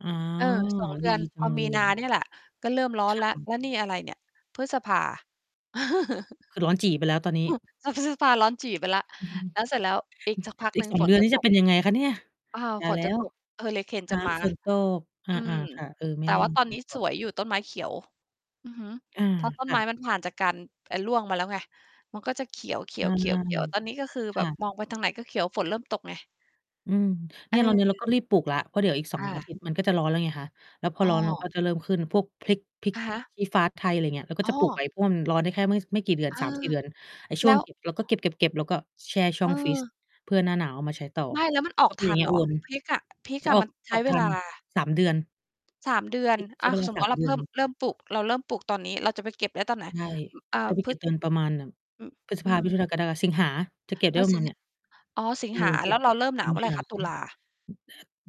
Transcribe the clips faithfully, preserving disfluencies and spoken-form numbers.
อ๋อ เออ สอง เดดืีอน จัพองเลมียนาอะ เนี่ยแหละ ก็เริ่มร้อคน่แล้ว ะ แล้วนี่อะไรเนี่ย พฤษภา คือร้อนจี๋ไปแล้วตอนนี้ ถ้าพฤษภาร้อนจี๋ไปแล้ว แล้วเสร็จแล้วอีกสักพัก อหีนึก ่งสอง ฝเดนือนจะนี้ตจะก เป็นยังไงคะเนี่ยอา ตาฝยแน ลจะ้ว ตก เฮอริเคนจะมา ฝนตก ออืม า ๆ ค่ะ เออ ไมแต่่แน่ว่าตอนฝนนี้ตสก วยอยู่ต้นไม้เขียว อือฮึ อา เพราะต้คนไ่ม้ะ มันผ่านจากการ ไอ้ร่วงมาแล้วไง มันก็จะเขียว ใช่ ๆ ๆ ๆ ตอนนี้ก็คือคแบ่บะ มองไปทางไหน ก็เขียว ฝนเริ่มตกไง อืม เเนี่ยเราเนี้ยเรออ าก็รีบปลูกแล้ว เพราะเดี๋ยวอีก สอคง ่อาะ ทิตย์ มันก็จะร้อนแล้วไงคะ แล้วพออ้ร้อนแล้วกอ ็ จะเริ่ม ขึ้นพวกพริก พริกอะฮะ ชี้ฟ้าไทย อะไรอย่างเงี้ย เราก็อ๋จะปลูก อ ไว้ พ่น ร้อนได้แค่ไม่ ช ไม่กี่เดือน เอสามสอ ี่ เดือน ไอ้ชแ่ลวง ้ว เก็บ เราก็เก็บ ๆ ๆ แล้วก็แช่ช่อเงฟรีซ ออ เพื่อหน้าหนาวเอามาใช้ต่อ ไม่แล้วมันออก็ กเป็นทอย่ัางเน งเี้ยหรอ? วน พริกอะ พริกจะอะออมัก น ใชอ้อกเทวัลน า สาม เดือน สาม เดือพน ริกใชอ้ะ เวลา สมสมุาตม ิเรเา ดืเพอิ่ม น เริ่มปลูก เราเริ่มปลูกตอนนี้ เราจะไปเก็บได้ตอนไหน? ใช่ อ อแต่า พริพกฤ จะ เติมประมาณ แบบ อ พฤษอืภา มิถม ุนา กรกฎา สิงหา จะเก็บไดพ้อ ประสมิาณงเนีห่ย า อ๋อ สิเงออ หา อ แล้วเราเริ่มหสนิาวงเมื่อไหหร่า คะ? ตุลา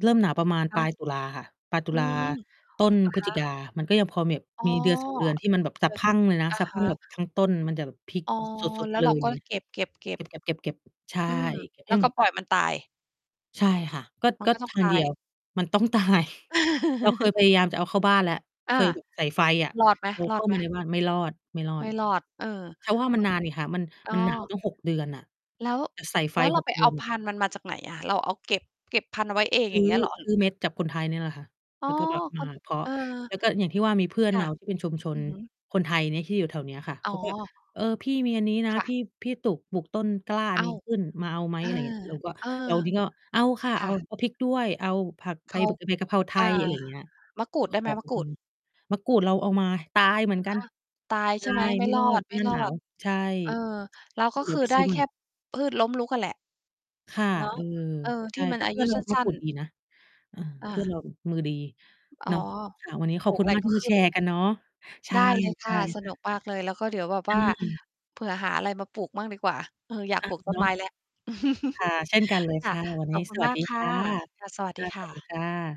เริ่มหนาวประมาณคปละ ายตุลาค่ะ ปลาย ตุอืลา ม เหต้นพฤศจรอคิกา ะ? มันก็ยังพอแบบ อ๋อ มีเดือน สอง เดือนที่มันแบบสะพรั่งเลยนะ อะสะพฮรั่งแบะ บ ทั้งต้นมันจะแบบพริกอ๋อ สด แล้ๆ วเลเราย อกย็่างเงี้ย เก็บ เกๆ ๆ ็บ ๆ ๆ ๆ ใช่ อืม เก็บแใลห้้วหกม็ด ปล่อยมันตาย ใช่ค่ะ ก็ มักน็ ก็ต้อทงาตงาเดีย ยว มันต้อง ตาย เราเคยพยายามจะเอาเข้าบ้านแล้ว เอคา ย แบบ ใส่ไฟอะ รอดไเราเข้าหม มาในๆ? บ้าน ไม่รอด ไม่รอไมด ่รอด เออ จะว่ามม ันนานนี่ค่ะ มัน อ๋มอ ัน หนาวตั้ง หก เดือนน่ะ แล้ว แต่ใส่ไฟ แล้วเรหาก ไปเดืเออานแบพบ ันธุ์มันมาจากไหนอะ? เราเอาเก็บ เก็บพันธุ์เอาไว้เองซือย้่างอ เงี้ย เหรอ? ซื้อเม็ดจากคนไทยนี่แหละค่ะ อ๋แอ ล้วก็แบบ มคา น เพาะ เออ แล้วก็อย่างที่ว่ามีเพื่อคน่เระ าที่เป็นชุมชอืนอฮึ คนไทยเนี้ย ที่อยู่แถวเนี้ยค่ะ อ๋เขาก็ อ "เออ พี่มีอันนี้นะค่ะ พี่ พี่ตุก ปลูกต้นกล้าอันอ้นาี้ว ขึ้นมาเอาไหม?" เอออ ะไรอย่างเงี้ย เราก็ เออ เรานี่ก็ "เอาค่ะ คเอ่า ะ เอาพริกด้วย เอาผักไเพ ขา บ ใบกะเพราไทอา ย" อะไร อย่างเงี้ย มะกรูกด็ได้ขไหม อ มะกรอูืด? ม มะกรูดเราเอามาตายเหมืออนะกัฮน ะ ตายตใช่าไหม? ยไม่ไม่รรออดหน้าหนาว ด ใช่ ๆ เออ แล้วนกี็่เดคี๋ยืวอไปไดซ้ื้อใหแมค่่ พืชล้มลุกอะแหละ ค่ะ เนาะ เออ เออ ใชที่่ มัแตน่อาเพื่ยอุนเรสาัมะ้กรูน ดๆ ดีนะ เออ อเพื่อา นเรา มือดี อ๋อ เนาะ ค่ะ วันนี้ ขปอลบูคกุอณะไรมาก กท็ี่มาขึแ้ชนอัรน์เนีก้ัย นเนาะ ใชได่ ้เลย คใช่่ะ สค่นุกะ มากเลย แล้วก็เดี๋ยวแบบอว่าืม เผื่อหาอะไรมาปลูกบ้างดีกว่า เออ อยากอปะ ลูกต้เนนาไะ ม้แล้ว ค่ะ เช่นกันเลยคค่ะ ่ะ วันขนอี้บคุสณ วัมสากดีคค่ะ ่ะ ค่ะ สวัสคดี่ะ คสว่ัสดีะ ค่ะ